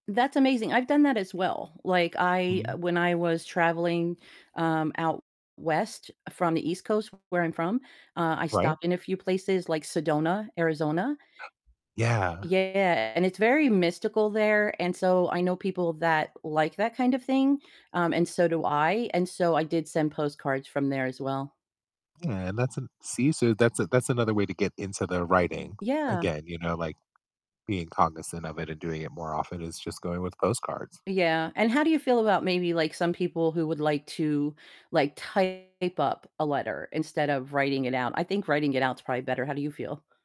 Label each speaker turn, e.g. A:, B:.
A: That's amazing, I've done that as well, like, I,
B: Hmm.
A: uh when I was traveling, um, out west from the East Coast where I'm from, uh, I
B: Right.
A: stopped in a few places like Sedona, Arizona.
B: Yeah.
A: Yeah, and it's very mystical there, and so I know people that like that kind of thing, um, and so do I, and so I did send postcards from there as well.
B: Yeah, and that's an See? So that's a that's another way to get into the writing
A: Yeah.
B: again, you know, like, being cognizant of it and doing it more often is just going with postcards.
A: Yeah, and how do you feel about maybe, like, some people who would like to, like, type up a letter instead of writing it out? I think writing it out's probably better. How do you feel?